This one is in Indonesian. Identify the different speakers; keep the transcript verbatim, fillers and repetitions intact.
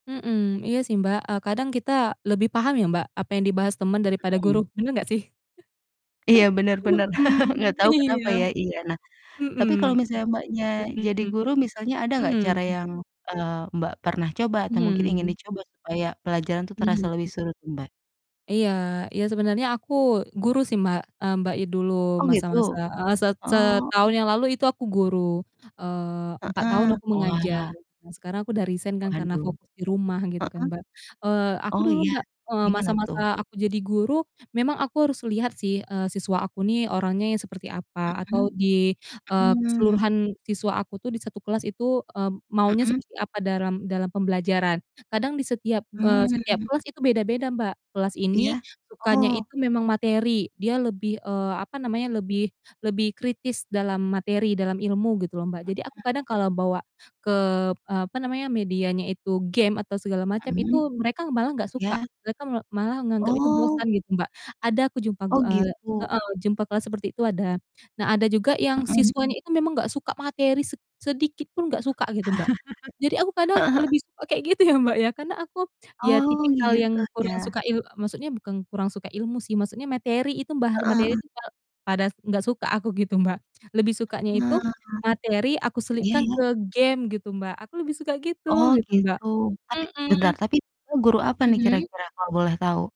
Speaker 1: Mhm. Iya sih, Mbak, eee, kadang kita lebih paham ya, Mbak, apa yang dibahas temen daripada
Speaker 2: Mhm.
Speaker 1: guru, bener nggak sih?
Speaker 2: Iya, bener bener, nggak
Speaker 1: Mmm,
Speaker 2: tau kenapa
Speaker 1: iya
Speaker 2: ya iya. Nah, tapi
Speaker 1: mhm,
Speaker 2: kalau misalnya Mbaknya, jadi
Speaker 1: mhm,
Speaker 2: guru misalnya ada nggak
Speaker 1: mhm.
Speaker 2: cara yang, eee, Mbak, pernah coba atau mungkin ingin
Speaker 1: Mhm.
Speaker 2: dicoba, supaya pelajaran tuh terasa lebih
Speaker 1: Mhm.
Speaker 2: seru tuh, Mbak?
Speaker 1: Iya iya sebenernya aku guru sih, Mbak, eee, Mbak i dulu
Speaker 2: Oh,
Speaker 1: masa-masa,
Speaker 2: gitu?
Speaker 1: heeh, set
Speaker 2: Heeh.
Speaker 1: setahun yang lalu itu aku guru, eee, empat tahun
Speaker 2: Heeh.
Speaker 1: aku mengajar,
Speaker 2: Wah.
Speaker 1: dan sekarang aku udah resign kan, karena
Speaker 2: Waduh.
Speaker 1: fokus di rumah gitu kan,
Speaker 2: Heeh?
Speaker 1: Mbak. Eee, aku
Speaker 2: Oh,
Speaker 1: dulu,
Speaker 2: iya,
Speaker 1: Mbak, eee,
Speaker 2: gimana tuh?
Speaker 1: masa-masa aku jadi guru memang aku harus lihat sih, eee, siswa aku nih orangnya yang seperti apa atau
Speaker 2: Mhm.
Speaker 1: di, eee,
Speaker 2: Mmm.
Speaker 1: keseluruhan siswa aku tuh di satu kelas itu, eee, maunya
Speaker 2: Mhm.
Speaker 1: seperti apa, dalam dalam pembelajaran. Kadang di setiap, eee, di setiap
Speaker 2: Mmm.
Speaker 1: kelas itu beda-beda, Mbak. Kelas ini,
Speaker 2: Iya.
Speaker 1: sukanya
Speaker 2: Oh.
Speaker 1: itu, memang materi, dia lebih, eee, apa namanya, lebih lebih kritis dalam materi, dalam ilmu gitu loh, Mbak. Jadi aku
Speaker 2: Heeh.
Speaker 1: kadang kalau bawa ke, eee, apa namanya, medianya itu game atau segala macam,
Speaker 2: Mhm.
Speaker 1: itu, mereka malah nggak suka,
Speaker 2: Iya.
Speaker 1: mereka me malah nganggap itu
Speaker 2: Oh.
Speaker 1: bosan gitu, Mbak, ada aku jumpa,
Speaker 2: Oh,
Speaker 1: gu eee
Speaker 2: gitu?
Speaker 1: heeh. jumpa kelas seperti itu ada. Nah, ada juga yang
Speaker 2: Mhm.
Speaker 1: siswanya itu memang nggak suka materi sed sedikitpun, nggak suka gitu, Mbak. Jadi aku kadang
Speaker 2: Heeh heeh.
Speaker 1: lebih suka kayak gitu ya, Mbak, ya karena aku, ya
Speaker 2: Oh,
Speaker 1: tipikal
Speaker 2: gitu?
Speaker 1: yang kurang
Speaker 2: Ya.
Speaker 1: suka il maksudnya bukan kurang suka ilmu sih, maksudnya materi itu, bahas
Speaker 2: Heeh
Speaker 1: materi
Speaker 2: heeh.
Speaker 1: itu kal pada nggak suka aku gitu, Mbak. Lebih sukanya itu
Speaker 2: Nah,
Speaker 1: materi aku
Speaker 2: iya
Speaker 1: selipkan
Speaker 2: iya.
Speaker 1: ke game gitu Mbak, aku lebih suka
Speaker 2: Oh,
Speaker 1: gitu, gitu Mbak.
Speaker 2: gitu? Tapi bentar
Speaker 1: Mhm.
Speaker 2: tapi Mbak guru apa nih
Speaker 1: Mhm.
Speaker 2: kira-kira kalau boleh tahu?